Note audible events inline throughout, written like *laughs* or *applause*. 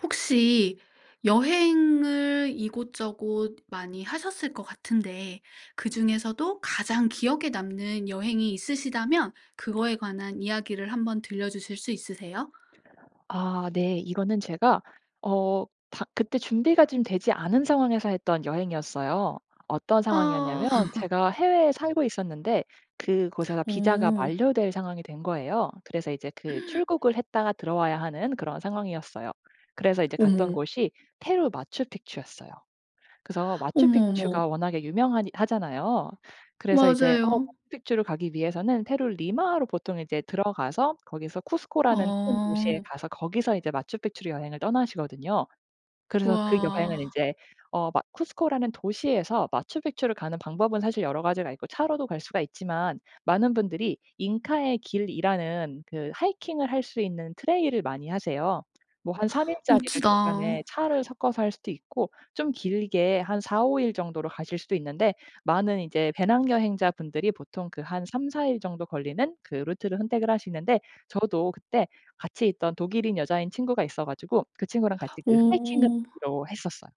혹시 여행을 이곳저곳 많이 하셨을 것 같은데 그중에서도 가장 기억에 남는 여행이 있으시다면 그거에 관한 이야기를 한번 들려 주실 수 있으세요? 아 네. 이거는 제가 어 다 그때 준비가 좀 되지 않은 상황에서 했던 여행이었어요. 어떤 어. 상황이었냐면 *laughs* 제가 해외에 살고 있었는데 그곳에서 비자가 어. 만료될 상황이 된 거예요. 그래서 이제 그 *gasps* 출국을 했다가 들어와야 하는 그런 상황이었어요. 그래서 이제 갔던 어머. 곳이 페루 마추픽추였어요. 그래서 어머, 마추픽추가 어머. 워낙에 유명하니 하잖아요. 그래서 이제 어 맞아요. 마추픽추를 가기 위해서는 페루를 리마로 보통 이제 들어가서 거기서 쿠스코라는 큰 도시에 아. 가서 거기서 이제 마추픽추로 여행을 떠나시거든요. 그래서 그 여행은 와. 인제 어 마 쿠스코라는 도시에서 마추픽추를 가는 방법은 사실 여러 가지가 있고 차로도 갈 수가 있지만 많은 분들이 '잉카의 길'이라는 그 하이킹을 할 수 있는 트레일을 많이 하세요. 뭐 한 3 일짜리를 멋지다. 중간에 차를 섞어서 할 수도 있고 좀 길게 한 4-5 일 정도로 가실 수도 있는데 많은 이제 배낭여행자 분들이 보통 그 한 3-4 일 정도 걸리는 그 루트를 선택을 하시는데 저도 그때 같이 있던 독일인 여자인 친구가 있어 가지고 그 친구랑 같이 그 하이킹을 오. 하기로 했었어요.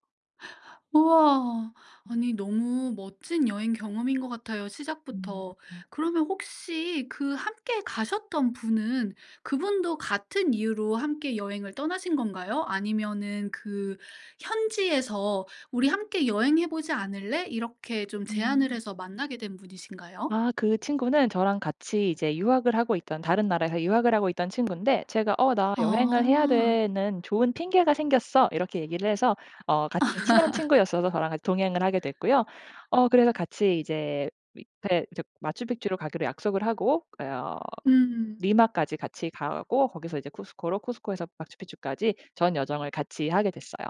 우와. 아니 너무 멋진 여행 경험인 것 같아요 시작부터. 아. 그러면 혹시 그 함께 가셨던 분은 그분도 같은 이유로 함께 여행을 떠나신 건가요? 아니면은 그 현지에서 "우리 함께 여행해 보지 않을래?" 이렇게 좀 제안을 음. 해서 만나게 된 분이신가요? 아 그 친구는 저랑 같이 이제 유학을 하고 있던 다른 나라에서 유학을 하고 있던 친군데 제가 "어 나 여행을 해야 아. 되는 좋은 핑계가 생겼어." 이렇게 얘기를 해서 어 같은 친한 친구였어서 저랑 같이 *laughs* 동행을 하게 됐고요. 어 그래서 같이 이제 밑에 저 마추픽추로 가기로 약속을 하고 어 음. 리마까지 같이 가고 거기서 이제 쿠스코로 쿠스코에서 마추픽추까지 전 여정을 같이 하게 됐어요.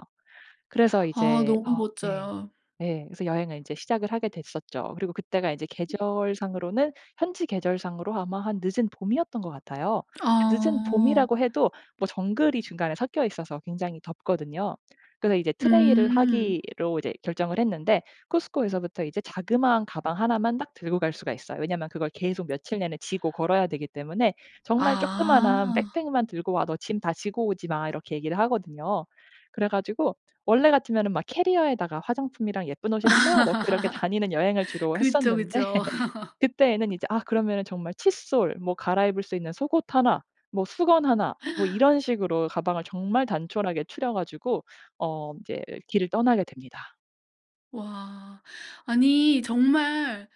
그래서 아 이제 너무 어 네 멋져요. 네 그래서 여행을 이제 시작을 하게 됐었죠. 그리고 그때가 이제 음. 계절상으로는 현지 계절상으로 아마 한 늦은 봄이었던 것 같아요. 늦은 아. 봄이라고 해도 뭐 정글이 중간에 섞여 있어서 굉장히 덥거든요. 그래서 이제 트레일을 음. 하기로 이제 결정을 했는데 쿠스코에서부터 이제 자그마한 가방 1 만 딱 들고 갈 수가 있어요. 왜냐하면 그걸 계속 며칠 내내 지고 걸어야 되기 때문에 "정말 쪼끄만한 아. 백팩 만 들고 와. 너 짐 다 지고 오지 마." 이렇게 얘기를 하거든요. 그래가지고 원래 같으면은 막 캐리어에다가 화장품이랑 예쁜 옷이랑 막 넣고 이렇게 다니는 여행을 *laughs* 주로 했었는데 그쵸그쵸. *laughs* *laughs* 그때에는 이제 아 그러면은 정말 칫솔 뭐 갈아입을 수 있는 속옷 1 뭐 수건 1 뭐 *gasps* 이런 식으로 가방을 정말 단촐하게 추려 가지고 어 인제 길을 떠나게 됩니다. 와. 아니 정말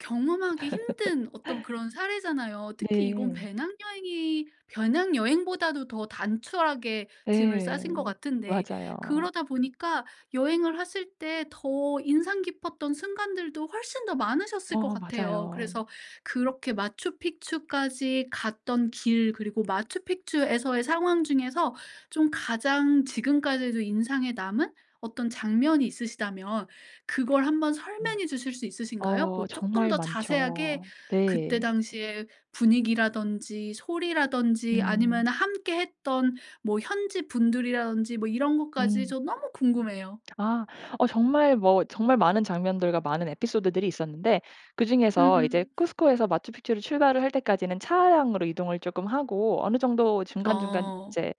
경험하기 힘든 어떤 *laughs* 그런 사례잖아요. 특히 이건 네. 배낭여행이 배낭여행보다도 더 단촐하게 짐을 네. 싸신 것 같은데 맞아요. 그러다 보니까 여행을 하실 때 더 인상 깊었던 순간들도 훨씬 더 많으셨을 것 어 같아요. 맞아요. 그래서 그렇게 마추픽추까지 갔던 길 그리고 마추픽추에서의 상황 중에서 좀 가장 지금까지도 인상에 남은 어떤 장면이 있으시다면 그걸 한번 네. 설명해 주실 수 있으신가요? 어 뭐 쪼끔 정말 더 자세하게 많죠. 그때 네. 당시의 분위기라든지 소리라든지 음. 아니면은 함께했던 뭐 현지분들이라든지 뭐 이런 것까지. 음. 저 너무 궁금해요. 아 어 정말 뭐 정말 많은 장면들과 많은 에피소드들이 있었는데 그중에서 이제 음. 쿠스코에서 마추픽추를 출발을 할 때까지는 차량으로 이동을 쪼끔 하고 어느 정도 중간중간 어. 이제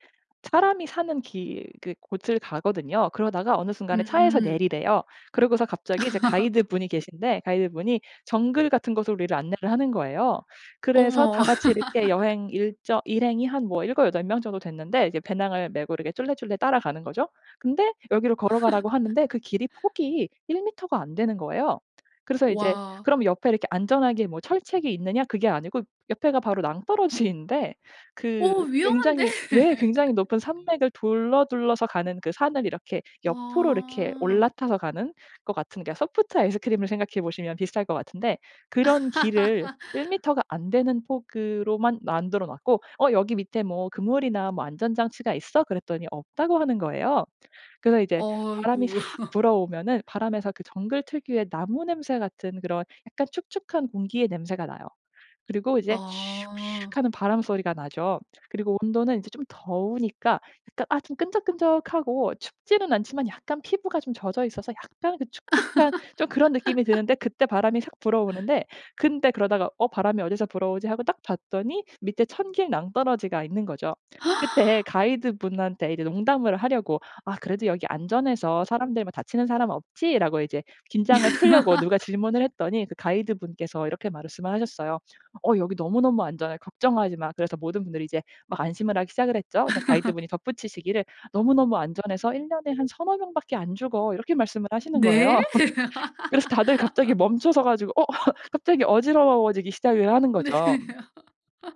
사람이 사는 길 그 곳을 가거든요. 그러다가 어느 순간에 차에서 음. 내리래요. 그러고서 갑자기 이제 *laughs* 가이드분이 계신데 가이드분이 정글 같은 곳으로 우리를 안내를 하는 거예요. 그래서 어머. 다 같이 이렇게 *laughs* 여행 일정 일행이 한 7-8 명 정도 됐는데 이제 배낭을 메고 이렇게 쫄래쫄래 따라가는 거죠. 근데 여기로 걸어 가라고 하는데 그 길이 *laughs* 폭이 1 미터가 안 되는 거예요. 그래서 이제 와. 그럼 옆에 이렇게 안전하게 뭐 철책이 있느냐? 그게 아니고 옆에가 바로 낭떠러지인데 그 어 위험한데. 굉장히 왜 굉장히 높은 *laughs* 산맥을 둘러 둘러서 가는 그 산을 이렇게 옆으로 이렇게 아. 올라타서 가는 것 같은 소프트 아이스크림을 생각해 보시면 비슷할 것 같은데 그런 길을 1 *laughs* 미터가 안 되는 폭으로만 만들어 놨고 "어 여기 밑에 뭐 그물이나 뭐 안전 장치가 있어?" 그랬더니 없다고 하는 거예요. 그래서 이제 어 바람이 삭 어이구. *laughs* 불어오면은 바람에서 그 정글 특유의 나무 냄새 같은 그런 약간 축축한 공기의 냄새가 나요. 그리고 이제 "슉 아. 슉." 하는 바람 소리가 나죠. 그리고 온도는 이제 좀 더우니까 약간 아 좀 끈적끈적하고 춥지는 않지만 약간 피부가 좀 젖어 있어서 약간 그 축축한 좀 그런 느낌이 드는데 *laughs* 그때 바람이 샥 불어오는데 근데 그러다가 '어 바람이 어디서 불어오지?' 하고 딱 봤더니 밑에 천길 낭떨어지가 있는 거죠. 그때 *gasps* 가이드분한테 이제 농담을 하려고 "아 그래도 여기 안전해서 사람들 뭐 다치는 사람은 없지?"라고 이제 긴장을 풀려고 누가 *laughs* 질문을 했더니 그 가이드분께서 이렇게 말씀을 하셨어요. "어 여기 너무너무 안전해. 걱정하지 마." 그래서 모든 분들이 이제 막 안심을 하기 시작을 했죠. 근데 *laughs* 가이드분이 덧붙이시기를 "너무너무 안전해서 1 년에 한 3-4 명밖에 안 죽어." 이렇게 말씀을 하시는 네? 거예요. *laughs* 그래서 다들 갑자기 *laughs* 멈춰 서 가지고 어 갑자기 어지러워지기 시작을 하는 네. 거죠.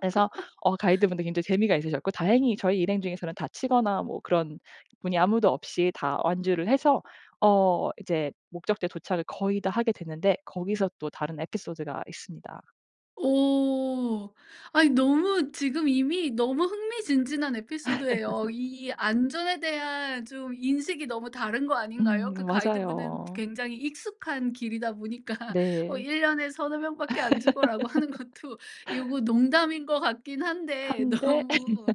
그래서 어 가이드분들도 굉장히 재미가 있으셨고 다행히 저희 일행 중에서는 다치거나 뭐 그런 분이 아무도 없이 다 완주를 해서 어 이제 목적지에 도착을 거의 다 하게 됐는데 거기서 또 다른 에피소드가 있습니다. 오. 아니 너무 지금 이미 너무 흥미진진한 에피소드예요. *laughs* 이 안전에 대한 좀 인식이 너무 다른 거 음 아닌가요? 그 가이드분은 맞아요. 굉장히 익숙한 길이다 보니까 "어 네. 1 년에 3-4 명밖에 안 죽어."라고 하는 것도 요거 *laughs* 농담인 것 같긴 한데 한데 *laughs* 예. 너무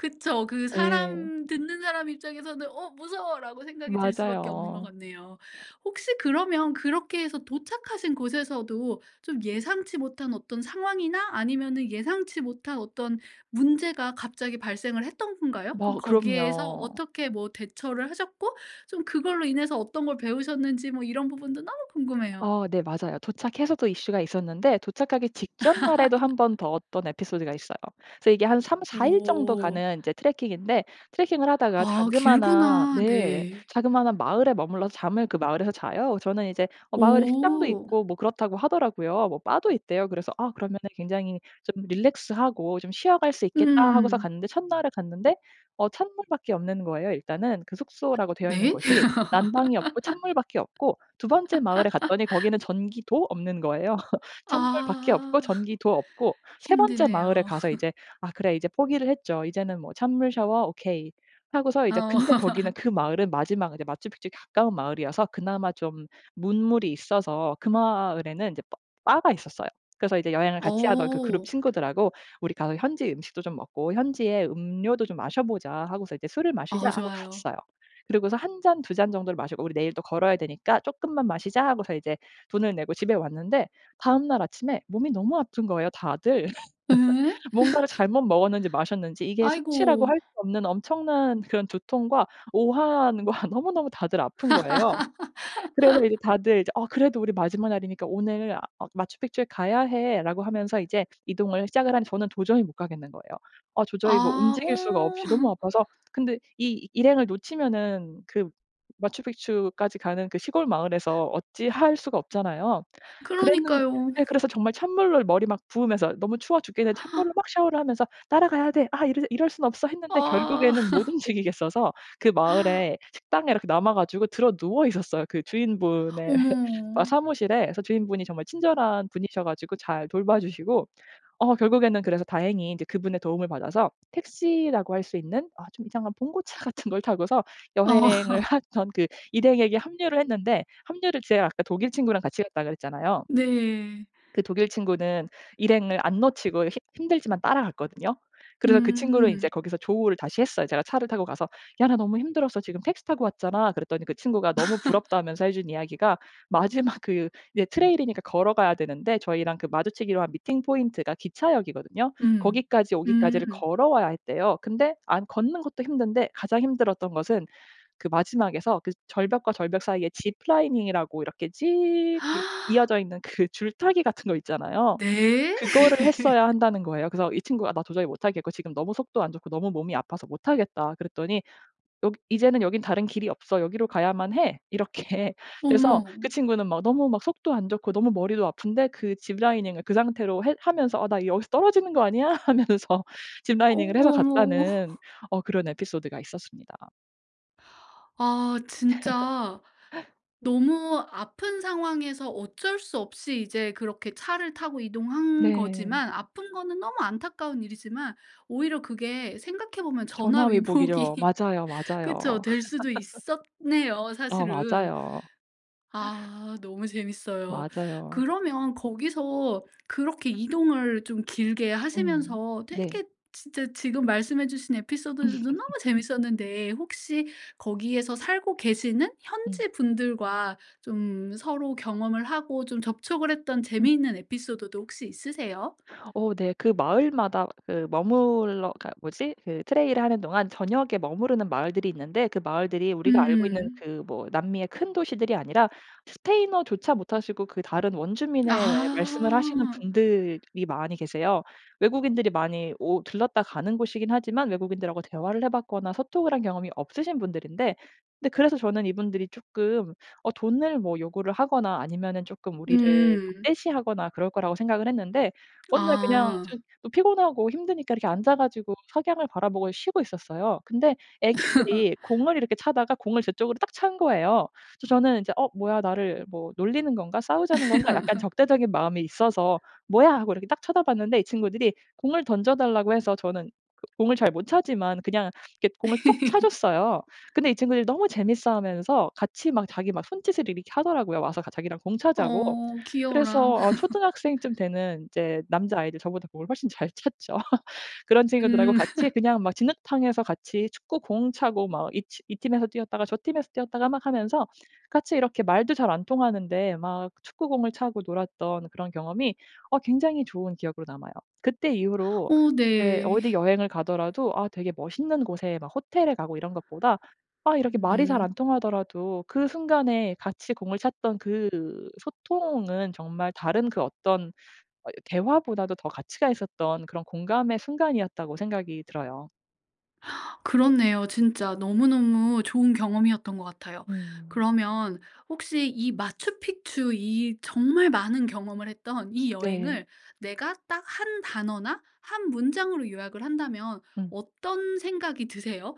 그쵸 그 예. 사람 듣는 사람 입장에서는 '어 무서워.'라고 생각이 들 수밖에 없는 거 맞아요. 같네요. 혹시 그러면 그렇게 해서 도착하신 곳에서도 좀 예상치 못한 어떤 상황이나 아니면은 예상치 못한 어떤 문제가 갑자기 발생을 했던 건가요? 좀 뭐 거기에서 그럼요. 어떻게 뭐 대처를 하셨고 좀 그걸로 인해서 어떤 걸 배우셨는지 뭐 이런 부분도 너무 궁금해요. 어 네. 맞아요. 도착해서도 이슈가 있었는데 도착하기 직전 날에도 1 번 *laughs* 더 어떤 에피소드가 있어요. 그래서 이게 한 3-4 일 정도 오. 가는 이제 트레킹인데 트레킹을 하다가 아 자그마한 길구나. 네 네. 자그마한 마을에 머물러서 잠을 그 마을에서 자요. 저는 이제 어 마을에 식당도 오. 있고 뭐 그렇다고 하더라고요. 뭐 바도 있대요. 그래서 '아 그러면은 굉장히 좀 relax 하고 좀 쉬어 갈 수 있겠다.' 하고서 음. 갔는데 첫날에 갔는데 어 찬물밖에 없는 거예요 일단은. 그 *hiccups* 숙소라고 되어 있는 네. 곳이. 난방이 없고 찬물밖에 없고 2 번째 마을에 갔더니 *laughs* 거기는 전기도 없는 거예요. *laughs* 찬물밖에 없고 아. 전기도 없고 3 번째 마을에 힘드네요. 가서 *laughs* 이제 아 그래 이제 포기를 했죠. 이제는 뭐 '찬물 샤워 오케이.' 하고서 이제 어. 근데 거기는 *laughs* 그 마을은 마지막 이제 마추픽쪽에 가까운 마을이어서 그나마 좀 문물이 있어서 그 마을에는 이제 바 바가 있었어요. 그래서 이제 여행을 같이 하던 그 그룹 어. 친구들하고 "우리 가서 현지 음식도 좀 먹고 현지의 음료도 좀 마셔 보자." 하고서 이제 "술을 마시자." 어 하고 좋아요. 갔어요. 그리고서 1 잔, 2 잔 정도를 마시고 "우리 내일 또 걸어야 되니까 쪼끔만 마시자." 하고서 이제 돈을 내고 집에 왔는데 다음 날 아침에 몸이 너무 아픈 거예요 다들. 예? *laughs* *laughs* 뭔가를 잘못 먹었는지 마셨는지 이게 숙취라고 아이고. 할 수 없는 엄청난 그런 두통과 오한과 너무너무 다들 아픈 거예요. 그래서 이제 *laughs* 다들 이제 "어 그래도 우리 마지막 날이니까 오늘 아 마추픽추에 가야 해."라고 하면서 이제 이동을 시작을 하니까 저는 도저히 못 가겠는 거예요. 아 도저히 뭐 아. 움직일 어. 수가 없이 너무 *laughs* 아파서 근데 이 일행을 놓치면은 그 마추픽추까지 가는 그 시골 마을에서 어찌할 수가 없잖아요. 그랬는 그러니까요. 예 그래서 정말 찬물로 머리 막 부으면서 너무 추워 죽겠는데 찬물로 *gasps* 막 샤워를 하면서 '따라가야 돼. 아 이러 이럴 순 없어.' 했는데 아. 결국에는 못 *laughs* 움직이겠어서 그 *gasps* 마을에 식당에 이렇게 남아 가지고 드러누워 있었어요. 그 주인분의 어머. *laughs* 아 사무실에. 그레서 주인분이 정말 친절한 분이셔 가지고 잘 돌봐 주시고 어 결국에는 그래서 다행히 이제 그분의 도움을 받아서 택시라고 할 수 있는 아 좀 이상한 봉고차 같은 걸 타고서 여행을 어. *laughs* 하던 그 일행에게 합류를 했는데 합류를 제가 아까 독일 친구랑 같이 갔다 그랬잖아요. 네. 그 독일 친구는 일행을 안 놓치고 힘 힘들지만 따라갔거든요. 그래서 그 친구를 이제 음. 거기서 조우를 다시 했어요. 제가 차를 타고 가서 "야 나 너무 힘들었어. 지금 택시 타고 왔잖아." 그랬더니 그 친구가 너무 *laughs* 부럽다면서 해준 이야기가 마지막 그 이제 trail 이니까 걸어 가야 되는데 저희랑 그 마주치기로 한 meeting point 기차역이거든요. 음. 거기까지 오기까지를 음. 걸어와야 했대요. 근데 안 걷는 것도 힘든데 가장 힘들었던 것은 그 마지막에서 그 절벽과 절벽 사이에 ziplining 이라고 이렇게 지익 *gasps* 이어져 있는 그 줄타기 같은 거 있잖아요. 네? 그거를 했어야 *laughs* 한다는 거예요. 그래서 이 친구가 "나 도저히 못하겠고 지금 너무 속도 안 좋고 너무 몸이 아파서 못하겠다." 그랬더니 "여기 이제는 여긴 다른 길이 없어. 여기로 가야만 해." 이렇게. 그래서 어머. 그 친구는 막 너무 막 속도 안 좋고 너무 머리도 아픈데 그 ziplining을 그 상태로 해 하면서 '나 여기서 떨어지는 거 아니야?' 하면서 ziplining을 해서 어머 어머 어머. 갔다는 *laughs* 어 그런 에피소드가 있었습니다. 아 진짜 *laughs* 너무 아픈 상황에서 어쩔 수 없이 이제 그렇게 차를 타고 이동한 네. 거지만 아픈 거는 너무 안타까운 일이지만 오히려 그게 생각해 보면 전화위복이죠. 전화위복이 맞아요, 그쵸. 맞아요. 될 수도 *laughs* 있었네요 어 사실은. 맞아요. 아 너무 재밌어요. 맞아요. 그러면 거기서 그렇게 이동을 좀 길게 음. 하시면서 네. 되게 진짜 지금 말씀해 주신 에피소드들도 너무 *laughs* 재밌었는데 혹시 거기에서 살고 계시는 응. 현지분들과 좀 서로 경험을 하고 좀 접촉을 했던 음. 재미있는 에피소드도 혹시 있으세요? 어 네, 그 마을마다 그 머물러 그니까 뭐지 그 트레일을 하는 동안 저녁에 머무르는 마을들이 있는데 그 마을들이 우리가 알고 있는 음. 그 뭐 남미의 큰 도시들이 아니라 스페인어조차 못하시고 그 다른 원주민의 예 말씀을 하시는 아. 분들이 많이 계세요. 외국인들이 많이 오 들렀다 가는 곳이긴 하지만 외국인들하고 대화를 해봤거나 소통을 한 경험이 없으신 분들인데 근데 그래서 저는 이분들이 조금 어 돈을 뭐 요구를 하거나 아니면은 조금 우리를 음. 적대시하거나 그럴 거라고 생각을 했는데 어느 날 그냥 좀 아. 어 피곤하고 힘드니까 이렇게 앉아가지고 석양을 바라보고 쉬고 있었어요. 근데 *laughs* 애기들이 공을 이렇게 차다가 공을 저쪽으로 딱 찬 거예요. 그래서 저는 이제 어 뭐야 나를 뭐 놀리는 건가? 싸우자는 건가? 약간 *laughs* 적대적인 마음이 있어서 뭐야 하고 이렇게 딱 쳐다봤는데 이 친구들이 공을 던져 달라고 해서 저는 공을 잘 못 차지만 그냥 이렇게 공을 톡 차 줬어요. *laughs* 근데 이 친구들이 너무 재밌어하면서 같이 막 자기 막 손짓을 이렇게 하더라고요. 와서 같이 자기랑 공 차자고. 어 귀여워라. 그래서 어 *laughs* 초등학생쯤 되는 이제 남자아이들 저보다 공을 훨씬 잘 찼죠. 그런 친구들하고 음. *laughs* 같이 그냥 막 진흙탕에서 같이 축구공 차고 막 이 티 이 팀에서 뛰었다가 저 팀에서 뛰었다가 막 하면서 같이 이렇게 말도 잘 안 통하는데 막 축구공을 차고 놀았던 그런 경험이 어 굉장히 좋은 기억으로 남아요. 그때 이후로 어 이제 네. 어디 여행을 가더라도 아 되게 멋있는 곳에 막 호텔에 가고 이런 것보다 아 이렇게 말이 잘 음. 안 통하더라도 그 순간에 같이 공을 찼던 그 소통은 정말 다른 그 어떤 어 대화보다도 더 가치가 있었던 그런 공감의 순간이었다고 생각이 들어요. 그렇네요. 진짜 너무너무 좋은 경험이었던 것 같아요. 음. 그러면 혹시 이 마추픽추 이 정말 많은 경험을 했던 이 네. 여행을 내가 딱 1 단어나 1 문장으로 요약을 한다면 응. 어떤 생각이 드세요?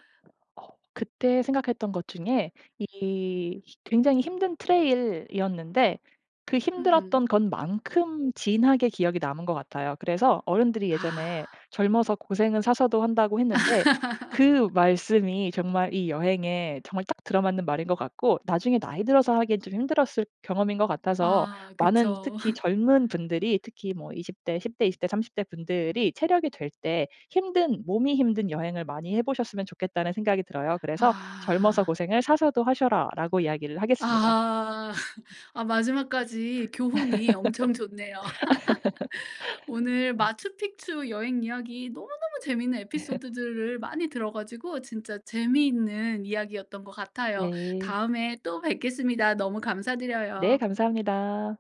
어 그때 생각했던 것 중에 이 굉장히 힘든 트레일 이었는데 그 힘들었던 음. 것만큼 진하게 기억이 남은 것 같아요. 그래서 어른들이 아. 예전에 젊어서 고생은 사서도 한다고 했는데 *laughs* 그 말씀이 정말 이 여행에 정말 딱 들어 맞는 말인 것 같고 나중에 나이 들어서 하기엔 좀 힘들었을 경험인 것 같아서 아 많은 그쵸. 특히 *laughs* 젊은 분들이 특히 뭐 20 대 10 대, 20 대, 30 대 분들이 체력이 될 때 힘든 몸이 힘든 여행을 많이 해보셨으면 좋겠다는 생각이 들어요. 그래서 "젊어서 아. 고생을 사서도 하셔라."라고 이야기를 하겠습니다. 아. *laughs* 아 마지막까지 교훈이 엄청 좋네요. *laughs* 오늘 *laughs* 마추픽추 여행 이야기 너무너무 재밌는 *laughs* 에피소드들을 많이 들어 가지고 진짜 재미있는 이야기였던 것 같아요. 네. 다음에 또 뵙겠습니다. 너무 네. 감사드려요. 감사합니다.